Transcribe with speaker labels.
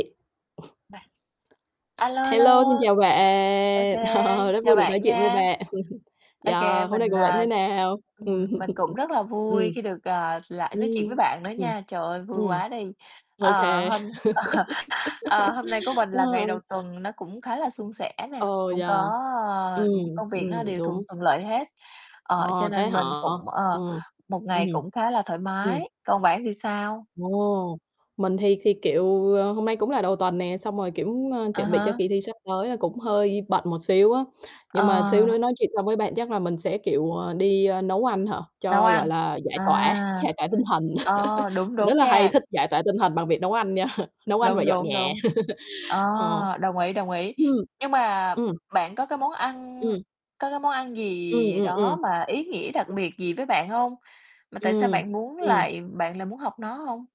Speaker 1: [unintelligible] A lô, a lô,
Speaker 2: Hello, xin chào
Speaker 1: OK,
Speaker 2: bạn! Ờ, rất
Speaker 1: chào
Speaker 2: vui được nói
Speaker 1: bạn
Speaker 2: chuyện với
Speaker 1: nha.
Speaker 2: bạn.
Speaker 1: OK,
Speaker 2: Yeah, hôm nay
Speaker 1: mình,
Speaker 2: của bạn thế
Speaker 1: à
Speaker 2: nào? Ừm.
Speaker 1: ừm, mình cũng rất là
Speaker 2: Ừm.
Speaker 1: vui khi được, ờ, lại nói chuyện với bạn nữa
Speaker 2: Ừm,
Speaker 1: nha. Trời ơi, vui
Speaker 2: ừm,
Speaker 1: quá đi.
Speaker 2: OK.
Speaker 1: Ờ, hôm ờ, hôm nay của mình là ngày
Speaker 2: Ờ.
Speaker 1: đầu tuần nó cũng khá là suôn sẻ nè.
Speaker 2: Ồ,
Speaker 1: Cũng có,
Speaker 2: yeah, ừm,
Speaker 1: ơ, ừm, công việc nó
Speaker 2: ừm,
Speaker 1: đều thuần
Speaker 2: đúng.
Speaker 1: thuận lợi hết, ờ, cho
Speaker 2: Ồ, thế
Speaker 1: nên
Speaker 2: hả?
Speaker 1: mình cũng ờ,
Speaker 2: Ừm,
Speaker 1: một
Speaker 2: ừm.
Speaker 1: ngày cũng khá là thoải
Speaker 2: Ừm.
Speaker 1: mái, còn bạn thì sao?
Speaker 2: Ồ, mình thì thì, kiểu, ờ, hôm nay cũng là đầu tuần nè, xong rồi, kiểu, ơ,
Speaker 1: À
Speaker 2: chuẩn bị cho
Speaker 1: há.
Speaker 2: kỳ thi sắp tới là cũng hơi bận một xíu á. Nhưng mà xíu
Speaker 1: Ờ.
Speaker 2: nữa nói chuyện xong với bạn chắc là mình sẽ, kiểu, ờ, đi, ơ, nấu ăn hả,
Speaker 1: Nấu
Speaker 2: cho, gọi
Speaker 1: ăn,
Speaker 2: là, giải
Speaker 1: à.
Speaker 2: tỏa, giải tỏa tinh thần.
Speaker 1: Ờ, đúng,
Speaker 2: Mình rất
Speaker 1: đúng
Speaker 2: là hay
Speaker 1: nha.
Speaker 2: thích giải tỏa tinh thần bằng việc nấu ăn nha, nấu ăn và
Speaker 1: Đúng,
Speaker 2: dọn
Speaker 1: đúng,
Speaker 2: nhà.
Speaker 1: đúng. Ờ,
Speaker 2: Ờ.
Speaker 1: đồng ý, đồng ý.
Speaker 2: Ừm.
Speaker 1: Nhưng mà
Speaker 2: Ừm.
Speaker 1: bạn có cái món ăn
Speaker 2: Ừm.
Speaker 1: có cái món ăn
Speaker 2: Ừm,
Speaker 1: gì
Speaker 2: ừm,
Speaker 1: đó
Speaker 2: ừm.
Speaker 1: mà ý nghĩa đặc biệt gì với bạn hông? Mà tại sao
Speaker 2: Ừm,
Speaker 1: bạn muốn
Speaker 2: ừm.
Speaker 1: lại bạn lại muốn học nó hông?